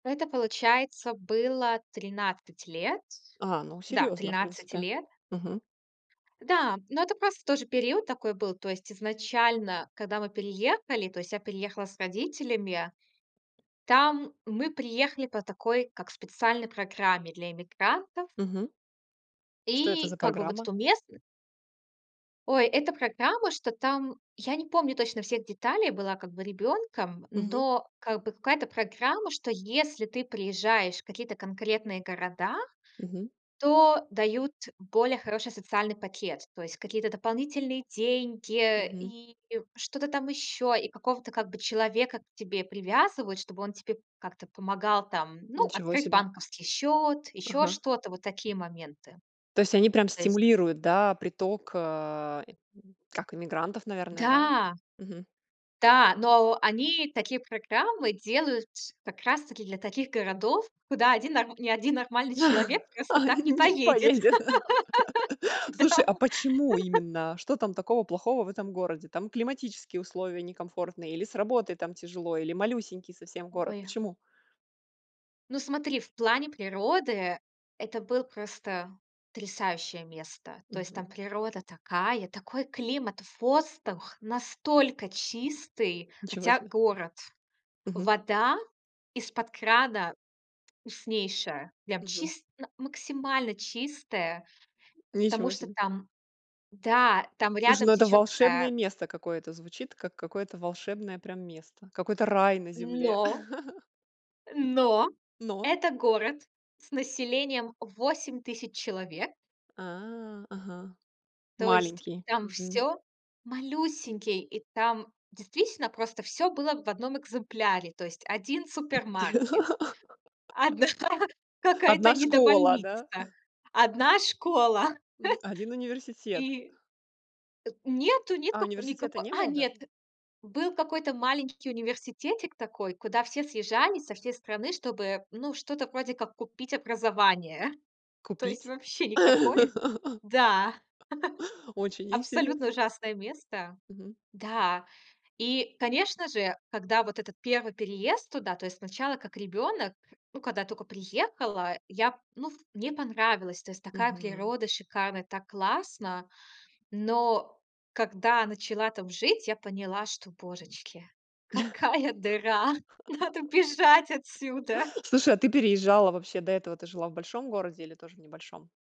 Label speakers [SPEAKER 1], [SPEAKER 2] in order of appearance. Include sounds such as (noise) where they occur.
[SPEAKER 1] Это, получается, было 13 лет.
[SPEAKER 2] А, ну
[SPEAKER 1] Да,
[SPEAKER 2] серьёзно, в
[SPEAKER 1] 13
[SPEAKER 2] принципе.
[SPEAKER 1] лет.
[SPEAKER 2] Мгм.
[SPEAKER 1] Да, но это просто тоже период такой был. То есть изначально, когда мы переехали, то есть я переехала с родителями, там мы приехали по такой как специальной программе для иммигрантов.
[SPEAKER 2] Мгм. Что это
[SPEAKER 1] И
[SPEAKER 2] за
[SPEAKER 1] как бы, вот,
[SPEAKER 2] программа?
[SPEAKER 1] эту местн Ой, это программа, что там я не помню точно всех деталей, была как бы ребенком,
[SPEAKER 2] Мгм.
[SPEAKER 1] но как бы какая-то программа, что если ты приезжаешь в какие-то конкретные города,
[SPEAKER 2] Мгм.
[SPEAKER 1] то дают более хороший социальный пакет. То есть какие-то дополнительные деньги
[SPEAKER 2] Мгм.
[SPEAKER 1] и что-то там еще. И какого-то как бы человека к тебе привязывают, чтобы он тебе как-то помогал там, ну,
[SPEAKER 2] Ничего
[SPEAKER 1] открыть
[SPEAKER 2] себе.
[SPEAKER 1] банковский счет, еще
[SPEAKER 2] Ага.
[SPEAKER 1] что-то. Вот такие моменты.
[SPEAKER 2] То есть они прям
[SPEAKER 1] То есть
[SPEAKER 2] стимулируют, да, приток, э как иммигрантов, наверное, да?
[SPEAKER 1] Да!
[SPEAKER 2] Мгм.
[SPEAKER 1] Да. Но о они такие программы делают, как раз-таки для таких городов, куда один ни один нормальный человек
[SPEAKER 2] (laughs)
[SPEAKER 1] просто так не
[SPEAKER 2] Не
[SPEAKER 1] поедет.
[SPEAKER 2] поедет.
[SPEAKER 1] (laughs)
[SPEAKER 2] (laughs)
[SPEAKER 1] Да.
[SPEAKER 2] Слушай, а почему
[SPEAKER 1] (laughs)
[SPEAKER 2] именно? Что там такого плохого в этом городе? Там климатические условия некомфортные, или с работой там тяжело, или малюсенький совсем город?
[SPEAKER 1] Ой!
[SPEAKER 2] Почему?
[SPEAKER 1] Ну, смотри, в плане природы это был просто потрясающее место. То есть там
[SPEAKER 2] Мгм.
[SPEAKER 1] природа такая, такой климат, воздух настолько чистый,
[SPEAKER 2] Ничего
[SPEAKER 1] хотя
[SPEAKER 2] себе.
[SPEAKER 1] город.
[SPEAKER 2] Мгм.
[SPEAKER 1] Вода из-под крана вкуснейшая, прям
[SPEAKER 2] Мгм.
[SPEAKER 1] чис на максимально чистая, потому
[SPEAKER 2] Ничего
[SPEAKER 1] что
[SPEAKER 2] себе.
[SPEAKER 1] там да, там
[SPEAKER 2] Слушай,
[SPEAKER 1] рядом
[SPEAKER 2] ну, это
[SPEAKER 1] течёт
[SPEAKER 2] волшебное
[SPEAKER 1] такая
[SPEAKER 2] место какое-то. Звучит как какое-то волшебное прям место, какой-то рай на земле.
[SPEAKER 1] Но Но
[SPEAKER 2] (laughs) Но?
[SPEAKER 1] это город с населением 8000 человек.
[SPEAKER 2] А, ага.
[SPEAKER 1] То есть
[SPEAKER 2] Маленький.
[SPEAKER 1] там
[SPEAKER 2] Мгм.
[SPEAKER 1] всё Малюсенький, и там действительно просто всё было в 1 экземпляре. То есть 1 супермаркет,
[SPEAKER 2] (laughs)
[SPEAKER 1] 1 какая-то
[SPEAKER 2] 1 школа, да?
[SPEAKER 1] недобольницах, 1 школа. (chuckles)
[SPEAKER 2] Мгм, 1 университет.
[SPEAKER 1] И э, нету, нет
[SPEAKER 2] А
[SPEAKER 1] како
[SPEAKER 2] университета
[SPEAKER 1] никакой.
[SPEAKER 2] не
[SPEAKER 1] А,
[SPEAKER 2] было
[SPEAKER 1] нет.
[SPEAKER 2] даже?
[SPEAKER 1] Был какой-то маленький университетик такой, куда все съезжались со всей страны, чтобы, ну, что-то вроде как купить образование. То есть
[SPEAKER 2] Купить?
[SPEAKER 1] вообще никакое.
[SPEAKER 2] (laughs)
[SPEAKER 1] Да. (laughs)
[SPEAKER 2] Очень
[SPEAKER 1] Абсолютно
[SPEAKER 2] интересно.
[SPEAKER 1] ужасное место.
[SPEAKER 2] Мгм.
[SPEAKER 1] Да. И, конечно же, когда вот этот 1 переезд туда, то есть сначала как ребёнок, ну, когда я тока приехала, я, ну, ф мне понравилось. То есть такая
[SPEAKER 2] Мгм.
[SPEAKER 1] природа шикарная, так классно. Но когда начала там жить, я поняла, что, божечки, какая дыра, надо бежать отсюда.
[SPEAKER 2] (laughs) Слушай, а ты переезжала вообще до этого? Ты жила в большом городе или тоже в небольшом?